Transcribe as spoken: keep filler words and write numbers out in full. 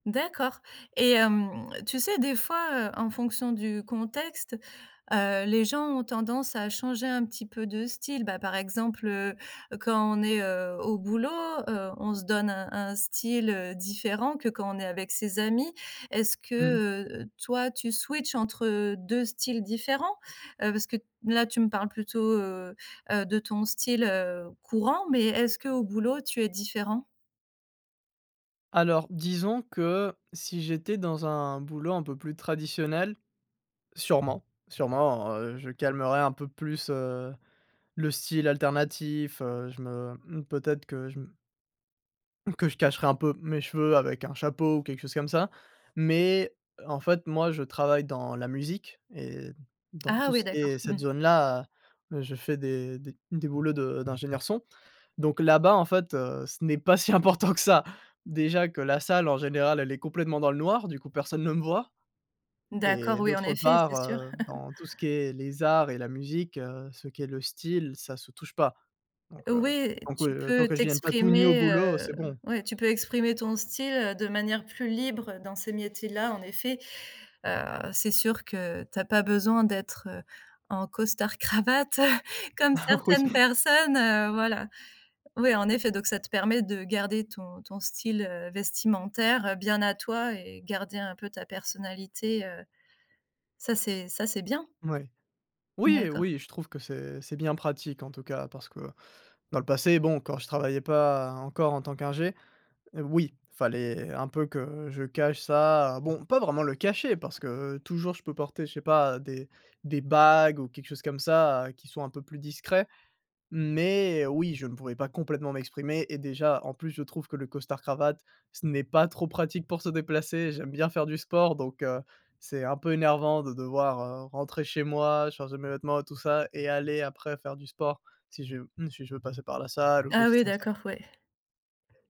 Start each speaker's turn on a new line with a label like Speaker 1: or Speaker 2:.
Speaker 1: D'accord et hem, tu sais des fois heu, en fonction du contexte, heu, les gens ont tendance à changer un petit peu de style. Bah, par exemple heu, quand on est heu, au boulot, heu on se donne un un style heu, différent que quand on est avec ses amis. Est-ce
Speaker 2: Mmh.
Speaker 1: que heu, toi tu switch entre deux styles différents? Heu, parce que, là, tu me parles plutôt heu, heu, de ton style heu, courant, mais est-ce qu'au boulot tu es différent?
Speaker 2: Alors, disons que si j'étais dans un boulot un peu plus traditionnel, sûrement, sûrement, heu, je calmerais un peu plus heu, le style alternatif, heu, je me mmh peut-être que je me que je cacherais un peu mes cheveux avec un chapeau ou quelque chose comme ça, mais, heu, en fait moi, je travaille dans la musique et dans
Speaker 1: Ah
Speaker 2: tout
Speaker 1: oui
Speaker 2: ce qui
Speaker 1: d'accord.
Speaker 2: est
Speaker 1: Mmh.
Speaker 2: cette zone-là, heu, je fais des des des boulots de d'ingénieur son. Donc, là-bas en fait, heu, ce n'est pas si important que ça. Déjà que la salle en général, elle est complètement dans le noir, du coup personne ne me voit.
Speaker 1: D'accord,
Speaker 2: Et
Speaker 1: oui en
Speaker 2: d'autre
Speaker 1: effet
Speaker 2: part,
Speaker 1: c'est sûr.
Speaker 2: heu, dans tout ce qui est les arts et la musique, heu, ce qui est le style ça se touche pas. Donc, heu,
Speaker 1: Ouais,
Speaker 2: donc ouais,
Speaker 1: tu
Speaker 2: heu, tant
Speaker 1: peux
Speaker 2: que je ne vienne pas tout nu au
Speaker 1: t'exprimer,
Speaker 2: boulot, heu,
Speaker 1: heu,
Speaker 2: c'est bon.
Speaker 1: ouais tu peux exprimer ton style de manière plus libre dans ces métiers là en effet, heu, c'est sûr que tu as pas besoin d'être, heu, en costard cravate comme
Speaker 2: Ah oui.
Speaker 1: certaines personnes, heu, voilà. Oui, en effet, donc ça te permet de garder ton ton style, heu, vestimentaire bien à toi et garder un peu ta personnalité, heu, ça c'est ça c'est bien.
Speaker 2: Ouais. Oui
Speaker 1: D'accord.
Speaker 2: oui, je trouve que c'est c'est bien pratique en tout cas parce que dans le passé bon, quand je travaillais pas encore en tant qu'ingé oui, il fallait un peu que je cache ça, bon, pas vraiment le cacher parce que toujours je peux porter je sais pas, des des bagues ou quelque chose comme ça qui soit un peu plus discret. Mais oui, je ne pourrais pas complètement m'exprimer et déjà en plus je trouve que le costard cravate, ce n'est pas trop pratique pour se déplacer, j'aime bien faire du sport, donc, heu, c'est un peu énervant de devoir, heu, rentrer chez moi, changer mes vêtements et tout ça et aller après faire du sport si je si je veux passer par la salle ou
Speaker 1: Ah
Speaker 2: quelque chose
Speaker 1: oui
Speaker 2: comme ça.
Speaker 1: d'accord, ouais.